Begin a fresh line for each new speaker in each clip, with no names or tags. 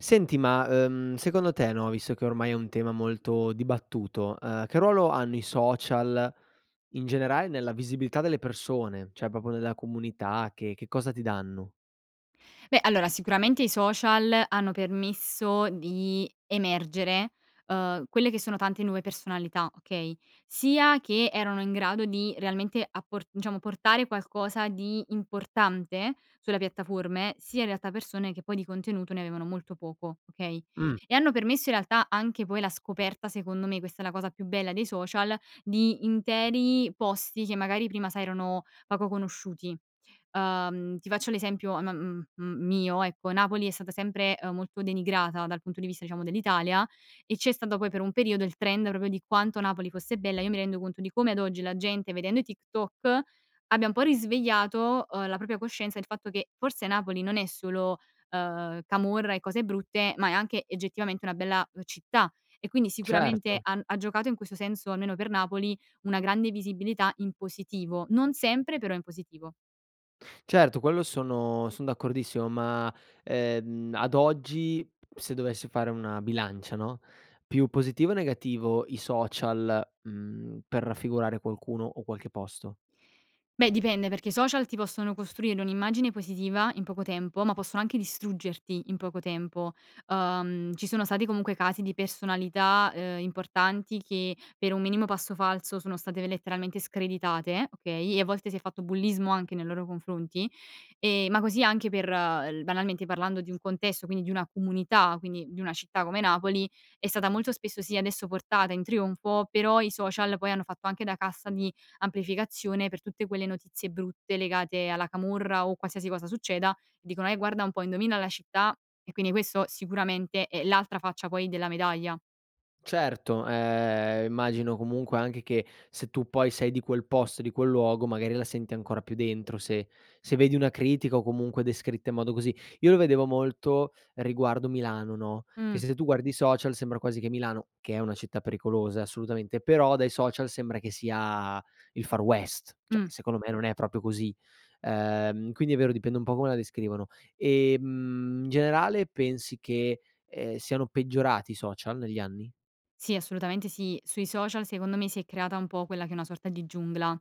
Senti ma, uhm, secondo te no, visto che ormai è un tema molto dibattuto, uhm, che ruolo hanno i social, in generale, nella visibilità delle persone cioè proprio nella comunità che che cosa ti danno?
Beh, allora sicuramente i social hanno permesso di emergere, uhm, quelle che sono tante nuove personalità, okay, sia che erano in grado di realmente appor diciamo portare qualcosa di importante sulle piattaforme, sia in realtà persone che poi di contenuto ne avevano molto poco okay.
Mh.
E hanno permesso in realtà anche poi la scoperta, secondo me, questa è la cosa più bella dei social, di interi posti che magari prima sai erano poco conosciuti. Uhm, ti faccio un esempio am m m mio ecco, Napoli è stata sempre molto denigrata dal punto di vista diciamo dell'Italia e c'è stato poi per un periodo il trend proprio di quanto Napoli fosse bella. Io mi rendo conto di come ad oggi la gente vedendo i TikTok abbia un po' risvegliato, uhm, la propria coscienza il fatto che forse Napoli non è solo, ehm, camorra e cose brutte ma è anche oggettivamente una bella, uhm, città e quindi sicuramente
Certo.
han ha giocato in questo senso, almeno per Napoli, una grande visibilità in positivo. Non sempre, però in positivo.
Certo, quello sono son d'accordissimo ma, ehm, ad oggi, se dovessi fare una bilancia, no, più positivo o negativo i social, mhmm, per raffigurare qualcuno o qualche posto?
Beh, dipende perché i social ti possono costruire un'immagine positiva in poco tempo ma possono anche distruggerti in poco tempo. Uhm, ci sono stati comunque casi di personalità, uhm, importanti che per un minimo passo falso sono state letteralmente screditate, okay, e a volte si è fatto bullismo anche nei loro confronti. Ehm, ma così anche per l banalmente parlando di un contesto quindi di una comunità quindi di una città come Napoli è stata molto spesso sì adesso portata in trionfo però i social poi hanno fatto anche da cassa di amplificazione per tutte quelle notizie brutte legate alla camorra o qualsiasi cosa succeda, dicono:" Eh, guarda un po' indovina la città" e quindi questo sicuramente è l'altra faccia poi della medaglia.
Certo, ehm, immagino comunque anche che se tu poi sei di quel posto, di quel luogo, magari la senti ancora più dentro se se vedi una critica o comunque descritta in modo così. Io lo vedevo molto riguardo Milano, no, che
Mh.
se tu guardi i social sembra quasi che Milano, che è una città pericolosa, eh, assolutamente, però dai social sembra che sia il Far West. Cioè,
Mh.
secondo me non è proprio così. Ehm, quindi è vero dipende un po' come la descrivono. Ehm, in generale, pensi che, ehm, siano peggiorati i social negli anni?
Sì, assolutamente sì. Sui social secondo me si è creata un po' quella che è una sorta di giungla.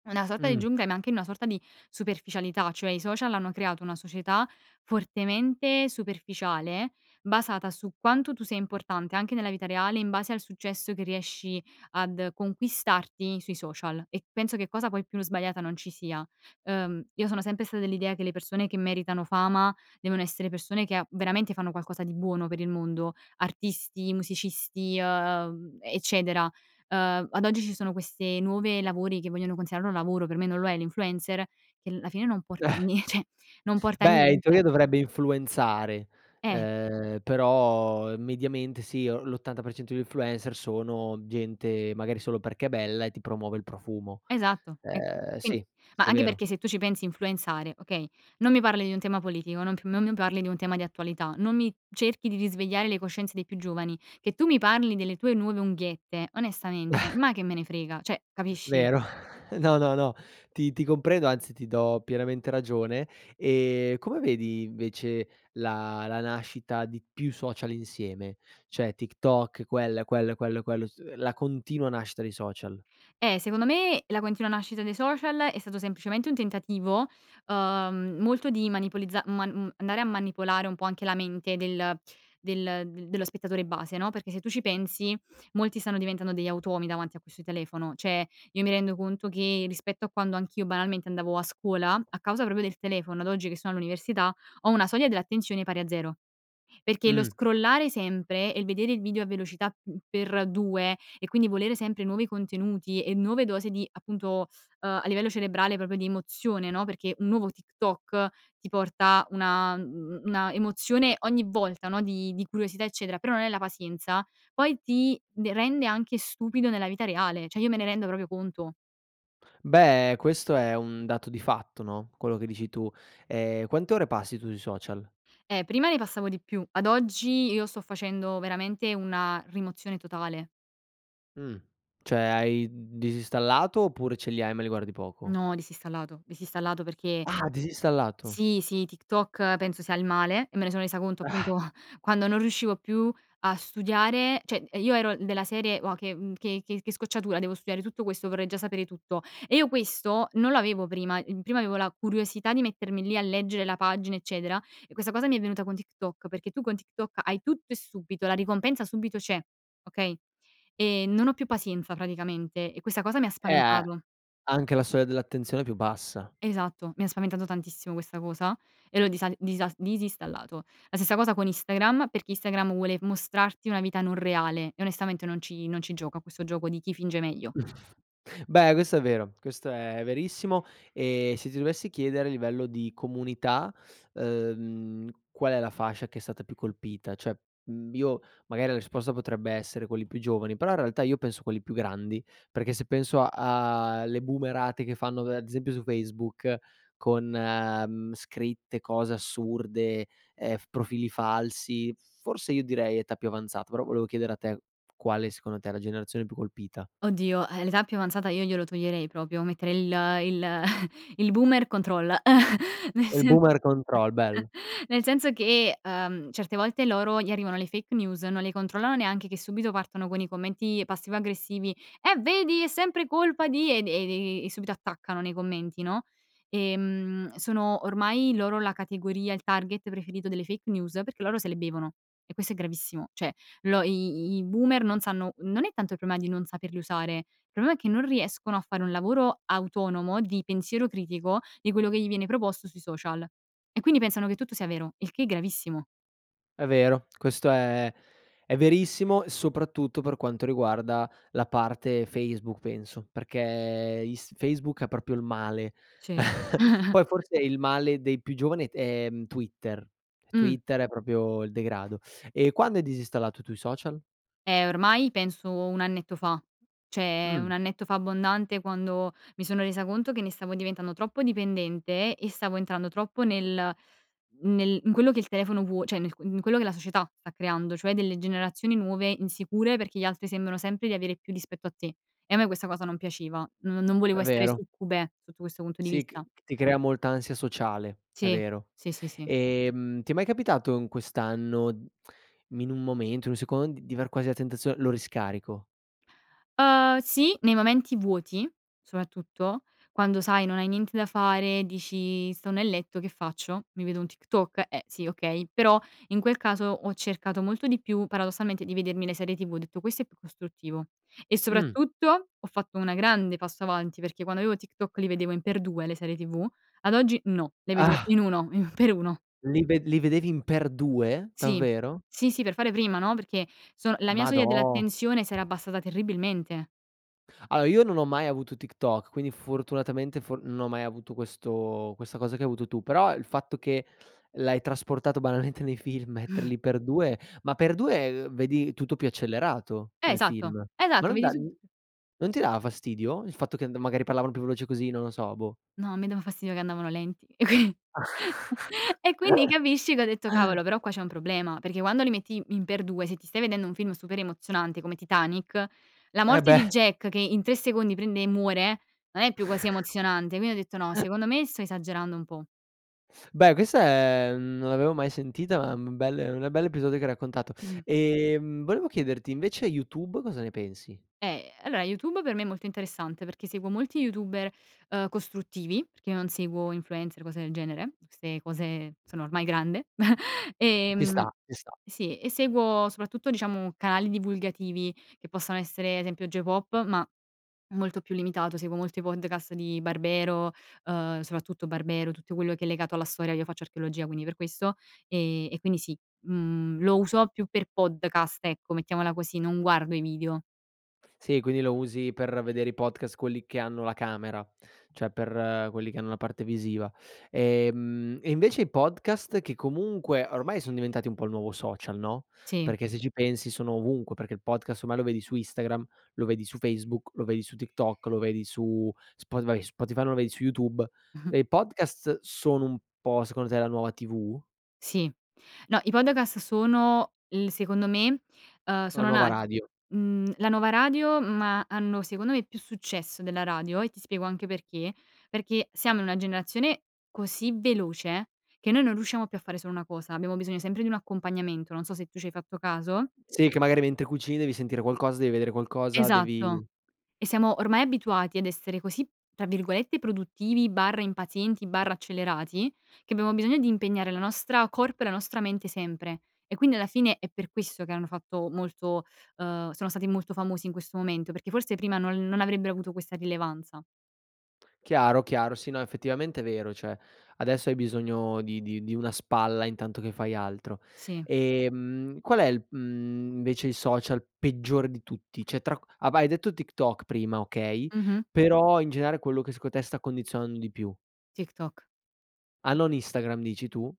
È una sorta di
Mh.
giungla ma anche una sorta di superficialità, cioè i social hanno creato una società fortemente superficiale basata su quanto tu sei importante, anche nella vita reale, in base al successo che riesci ad conquistarti sui social. E penso che cosa poi più sbagliata non ci sia. Uhm, io sono sempre stata dell'idea che le persone che meritano fama devono essere persone che, uhm, veramente fanno qualcosa di buono per il mondo: artisti, musicisti, uhm, eccetera. Uhm, ad oggi ci sono queste nuovi lavori, che vogliono considerare un lavoro. Per me non lo è, l'influencer che alla fine non porta a nie cioè non porta a
Beh, in
niente.
teoria dovrebbe influenzare,
Eh.
ehm, però mediamente sì o l'80% di influencer sono gente, magari solo perché è bella e ti promuovo il profumo.
Esatto. E
Ehm,
in
sì,
ma
sì è
anche
vero.
perché se tu ci pensi, influenzare, okay, non mi parli di un tema politico, non p non mi parli di un tema di attualità, non mi cerchi di risvegliare le coscienze dei più giovani. Che tu mi parli delle tue nuove unghiette, onestamente, ma che me ne frega? Cioè, capisci?
Vero. No, no, no. Ti ti ti comprendo anzi ti do pienamente ragione. Ehm, come vedi invece la la nascita di più social insieme, cioè TikTok, quella e quello e quello e quello, su uhm, la continua nascita dei social?
Eh, secondo me la continua nascita dei social è stato semplicemente un tentativo, uhm, molto di manipolizza man mhmm, andare a manipolare un po' anche la mente del del dello spettatore base, no, perché se tu ci pensi molti stanno diventando degli automi davanti a questo telefono. Cioè, io mi rendo conto che rispetto a quando anch'io banalmente andavo a scuola, a causa proprio del telefono, ad oggi che sono all'università, ho una soglia dell'attenzione pari a zero. Perché lo
Mh.
scrollare sempre e il vedere il video a velocità, mhmm, x2 e quindi volere sempre nuovi contenuti e nuove dosi di appunto, uhm, a livello cerebrale, proprio di emozione, no, perché un nuovo TikTok ti porta una, mhmm, una emozione ogni volta, no, di di curiosità, eccetera, però non è la pazienza- poi ti de rende anche stupido nella vita reale. Cioè io me ne rendo proprio conto.
Beh, questo è un dato di fatto, no, quello che dici tu. Ehm, quante ore passi tu su social?
Eh, prima ne passavo di più. Ad oggi io sto facendo veramente una rimozione totale.
Mh. Cioè hai disinstallato oppure ce li hai, ma li guardi poco?
No, disinstallato. Disinstallato perché
Ah, disinstallato.
sì, sì, TikTok penso sia il male e me ne sono resa conto appunto quando non riuscivo più a studiare. Cioè, ehm, io ero della serie: "Uà, che, mhmm, che che che scocciatura, devo studiare tutto questo, vorrei già sapere tutto." E io questo non l'avevo prima. El prima avevo la curiosità di mettermi lì a leggere la pagina eccetera e questa cosa mi è venuta con TikTok perché tu con TikTok hai tutto e subito, la ricompensa subito c'è, okay, ehm, non ho più pazienza praticamente e questa cosa mi ha
Eh, a
spaventato.
anche la soglia dell'attenzione è più bassa.
Esatto, mi ha spaventato tantissimo questa cosa e l'ho disal disa disinstallato. La stessa cosa con Instagram, perché Instagram vuole mostrarti una vita non reale e onestamente non ci non ci gioco a questo gioco di chi finge meglio.
Beh, questo è vero. Questo è verissimo. Ehm, se ti dovessi chiedere a livello di comunità, uhm, qual è la fascia che è stata più colpita? Cioè, mhmm, io magari la risposta potrebbe essere quelli più giovani, però in realtà io penso a quelli più grandi. Perché se penso a a le boomerate che fanno da ad esempio su Facebook con, mhmm, scritte, cose assurde, ehm, f profili falsi, forse io direi età più avanzata, però volevo chiedere a te quale secondo te è la generazione più colpita.
Oddio, ehm, l'età più avanzata, io glielo toglierei proprio. Metterei il il il boomer control, nel
Il
sen
boomer control, bello.
nel senso che, uhm, certe volte loro gli arrivano le fake news, non le controllano neanche che subito partono con i commenti passivo-aggressivi: "Eh vedi è sempre colpa di" e de vi vi e subito attaccano nei commenti, no. Ehm, sono ormai loro la categoria, il target preferito delle fake news perché loro se le bevono e questo è gravissimo. Cioè lo i i i boomer non sanno, non è tanto il problema di non saperli usare, il problema è che non riescono a fare un lavoro autonomo di pensiero critico di quello che gli viene proposto sui social e quindi pensano che tutto sia vero, il che è gravissimo.
È vero, questo è è verissimo soprattutto per quanto riguarda la parte Facebook penso. Perché Inst Facebook è proprio il male.
Sì.
Poi forse il male dei più giovani, ehm, è Twitter.
Mh.
Twitter è proprio il degrado. E quando hai disinstallato tu i social?
Eh ormai penso un annetto fa, cioè
Mh.
un annetto fa abbondante quando mi sono resa conto che ne stavo diventando troppo dipendente e stavo entrando troppo nel nel in quello che il telefono vuo cioè, in quello che la società sta creando, cioè delle generazioni nuove insicure, perché gli altri sembrano sempre di avere più rispetto a te. E a me questa cosa non piaceva. Non non volevo
È
essere
vero.
succube sotto questo punto di
Sì c
vista.
ti crea molta ansia sociale, è
Sì.
vero.
Sì, sì, sì.
Ehm, ti è mai capitato in quest'anno mhmm, in un momento, in un secondo, d di aver quasi la tentazione: "Lo riscarico"?
Uhm, sì, nei momenti vuoti soprattutto, quando sai, non hai niente da fare. Dici: "Sto nel letto, che faccio? Mi vedo un TikTok? Eh, sì, okay." Però in quel caso ho cercato molto di più paradossalmente di vedermi le serie TV. Ho detto, questo è più costruttivo. E
Mh.
soprattutto ho fatto una grande passo avanti perché quando avevo TikTok li vedevo in x2 le serie tv; ad oggi no, le vedo
Ah!
in uno, i x1.
Li ved li vedevi in x2,
Sì.
davvero?
Sì, sì. Per fare prima, no, perché sono la mia soglia
Madò.
dell'attenzione si era abbassata terribilmente.
Allora io non ho mai avuto TikTok quindi fortunatamente for non ho mai avuto questo questa cosa che hai avuto tu. Però il fatto che l'hai trasportato banalmente nei film, metterli x2 Ma x2, ehm, vedi tutto più accelerato,
Eh,
nel
esatto.
film. Ma
Esatto,
non
mi
dà
risul
non ti dava fastidio il fatto che an magari parlavano più veloce, così? Non lo so, boh.
No, a me dava fastidio che andavano lenti e quin e quindi capisci che ho detto: "Cavolo però qua c'è un problema." Perché quando li metti in x2 se ti stai vedendo un film super emozionante come Titanic, la
Eh
morte di
beh!
Jack che in 3 secondi prende e muore non è più così emozionante. Quindi ho detto: "No, secondo me sto esagerando un po'."
Beh questa è non l'avevo mai sentita ma un bel un bel episodio che hai raccontato. Ehm, volevo chiederti invece YouTube, cosa ne pensi?
Eh, allora YouTube per me è molto interessante perché seguo molti youtuber, ehm, costruttivi, perché io non seguo influencer o cose del genere, queste cose sono ormai grande.
Ci sta,
Ehm,
ci sta.
sì e seguo soprattutto diciamo canali divulgativi, che possano essere ad esempio Geopop ma molto più limitato, seguo molti podcast di Barbero, uhm, soprattutto Barbero, tutto quello che è legato alla storia, io faccio archeologia, quindi per questo. Uhm, e quindi sì, mhmm, lo uso più per podcast ecco, mettiamola così. Non guardo i video.
Sì, quindi lo usi per vedere i podcast, quelli che hanno la camera, cioè, per quelli che hanno la parte visiva. Ehm, e invece i podcast che comunque ormai son diventati un po' il nuovo social, no,
Sì.
perché se ci pensi sono ovunque, perché il podcast ormai lo vedi su Instagram, lo vedi su Facebook, lo vedi su TikTok, lo vedi su Spotify Spotify no, lo vedi su YouTube, e i podcast sono un po' secondo te la nuova TV?
Sì. No, i podcast sono il secondo me, uhm,
La
sono
nuova
na
radio.
mhmm, la nuova radio, ma hanno, secondo me, più successo della radio e ti spiego anche perché. Perché siamo in una generazione così veloce, che noi non riusciamo più a fare solo una cosa, abbiamo bisogno sempre di un accompagnamento, non so se tu c'hai fatto caso.
Sì, che magari mentre cucini devi sentire qualcosa, devi vedere qualcosa,
Esatto,
devi
e siamo ormai abituati ad essere così, tra virgolette, "produttivi/impazienti/accelerati" che abbiamo bisogno di impegnare la nostra corpo e la nostra mente sempre. E quindi alla fine è per questo che hanno fatto molto uhm, sono stati molto famosi in questo momento, perché forse prima non non avrebbero avuto questa rilevanza.
Chiaro, chiaro. Sì, no, effettivamente è vero, cioè, adesso hai bisogno di di di una spalla intanto che fai altro.
Sì.
Ehm, qual è il, mhmm, invece, il social peggiore di tutti? Cioè tra q av hai detto TikTok prima, okay,
Mh-mh.
però in generale quello che secondo te sta condizionando di più.
TikTok,
Ah,
Tik
non Instagram, dici tu?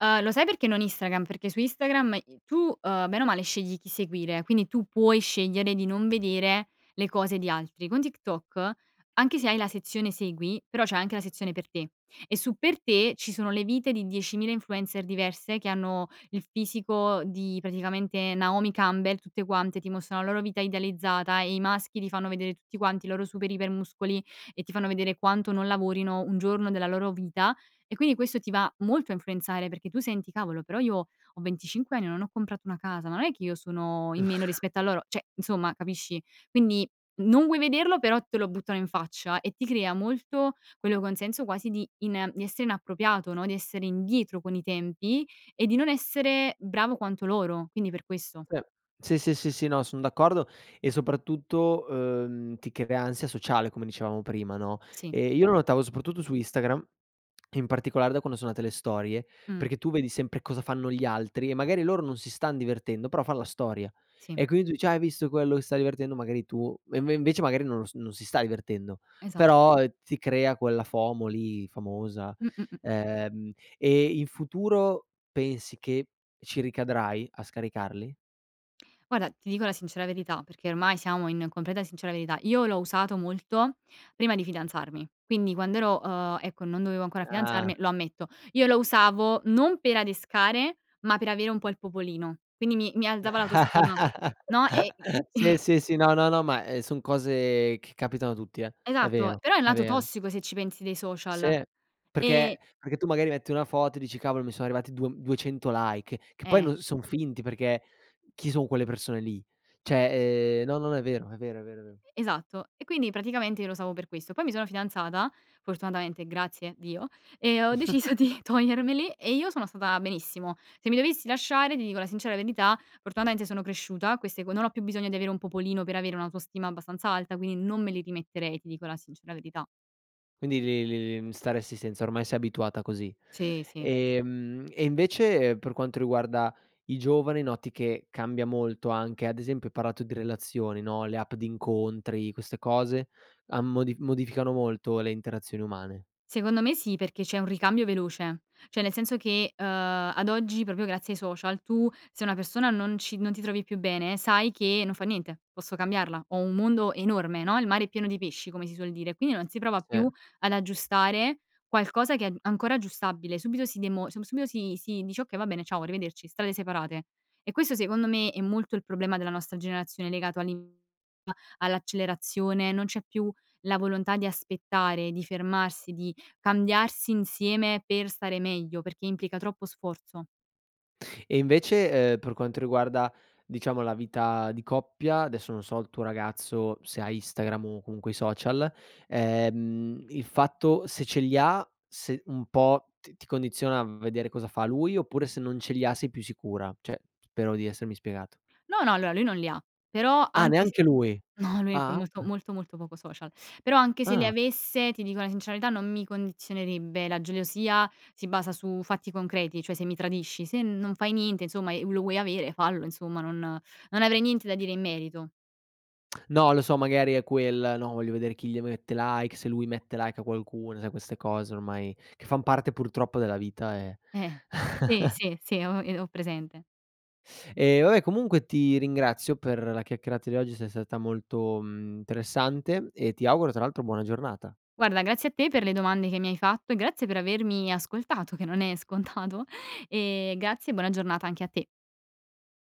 Uhm, lo sai perché non Instagram? Perché su Instagram i tu, uhm, bene o male scegli chi seguire, quindi tu puoi scegliere di non vedere le cose di altri. Con TikTok, anche se hai la sezione segui, però c'è anche la sezione per te, e su per te ci sono le vite di 10.000 influencer diverse, che hanno il fisico di, praticamente, Naomi Campbell, tutte quante, ti mostrano la loro vita idealizzata e i maschi ti fanno vedere, tutti quanti, i loro super iper muscoli, e ti fanno vedere quanto non lavorino un giorno della loro vita, e quindi questo ti va molto a influenzare, perché tu: "Senti cavolo, però io ho 25 anni, non ho comprato una casa, ma non è che io sono in meno rispetto a loro?" Cioè, insomma, capisci? Quindi non vuoi vederlo, però te lo buttano in faccia, e ti crea molto quello con senso quasi di ina di essere inappropriato no, di essere indietro con i tempi e di non essere bravo quanto loro, quindi per questo.
Sì, sì, sì, sì, sì, no, son d'accordo e soprattutto, uhm, ti crea ansia sociale come dicevamo prima no?
Sì.
Ehm, io lo notavo soprattutto su Instagram, e in particolare da quando sono nate le storie.
Mh.
Perché tu vedi sempre cosa fanno gli altri, e magari loro non si stan divertendo però fan la storia,
Sì.
e quindi u cioè: "Hai visto quello si sta divertendo." Magari tu e inve invece magari non lo s non si sta divertendo,
Esatto.
però ti crea quella FOMO lì, famosa.
Mh, mh, mh.
Ehm, e in futuro pensi che ci ricadrai a scaricarli?
Guarda, ti dico la sincera verità, perché ormai siamo in completa sincera verità, io l'ho usato molto prima di fidanzarmi, quindi quand'ero uhm, ecco non dovevo ancora
Ah.
fidanzarmi, lo ammetto. Io lo usavo, non per adescare, ma per avere un po' il popolino, quindi mi mi alzava l'autostima. No, e
Sì, sì, sì, no, no, no, ma, ehm, son cose che capitano a tutti eh, è
Esatto,
vero,
però è il
è
lato
vero.
tossico, se ci pensi, dei social,
Sì,
e
perché perché tu magari metti una foto e dici: "Cavolo mi son arrivati 2 m 200 like." Che poi
Eh.
non son finti perché chi son quelle persone lì? Cioè, ehm, no, no, è vero, è vero, è vero, è vero.
E e esatto, e quindi praticamente io lo usavo per questo. Poi mi sono fidanzata fortunatamente, grazie Dio, e ho deciso di togliermeli e io sono stata benissimo. Se mi dovessi lasciare, ti dico la sincera verità, fortunatamente sono cresciuta, queste co non ho più bisogno di avere un popolino per avere un'autostima abbastanza alta, quindi, non me li rimetterei, ti dico la sincera verità.
Quindi li li li mhmm, stareresti senza, ormai sei abituata così.
Sì, sì.
Ehm, e invece, per quanto riguarda i giovani, noti che cambia molto anche, ad esempio, hai parlato di relazioni no, le app di incontri, queste cose, han modi modificano molto le interazioni umane?
Secondo me sì, perché c'è un ricambio veloce. Cioè, nel senso che, uhm, ad oggi, proprio grazie ai social, tu se una persona non ci non ti trovi più bene, sai che non fa niente, posso cambiarla, ho un mondo enorme no, il mare è pieno di pesci, come si suol dire. Quindi non si prova
Sì.
più ad aggiustare qualcosa che a è ancora aggiustabile, subito si demo sub subito si si dice: "Okay va bene, ciao arrivederci, strade separate." E questo, secondo me, è molto il problema della nostra generazione legato all'in [unintelligible] all'accelerazione, non c'è più la volontà di aspettare, di fermarsi, di cambiarsi insieme, per stare meglio, perché implica troppo sforzo.
E invece, uhm, per quanto riguarda, diciamo, la vita di coppia, adesso non so il tuo ragazzo se ha Instagram, o comunque i social, ehm, il fatto se ce li ha se un po' ti ti condiziona v vedere cosa fa lui, oppure se non ce li ha sei più sicura? Cioè p spero di essermi spiegato.
No, no, allora, lui non li ha, però
Ah
anche se,
neanche lui,
no lui è pr
ah
molto,
ok
molto, molto poco social. Però anche se li
Ah.
avesse, ti dico la sincera verità, non mi condizionerebbe. La gelosia si basa su fatti concreti. Cioè se mi tradisci, se non fai niente, insomma, e lo vuoi avere fallo insomma, non non avrei niente da dire in merito.
No lo so, magari è quel, no, "Voglio vedere chi le mette like, se lui mette like a qualcuno." Sai queste cose ormai che fan parte purtroppo della vita e
Eh. Sì, sì, sì, ho ehm, ho presente.
Eh, va beh, comunque ti ringrazio per la chiacchierata di oggi, sei stata molto, mhmm, interessante e ti auguro, tra l'altro, buona giornata.
Guarda grazie a te per le domande che mi hai fatto, e grazie per avermi ascoltato che non è scontato, e grazie e buona giornata anche a te.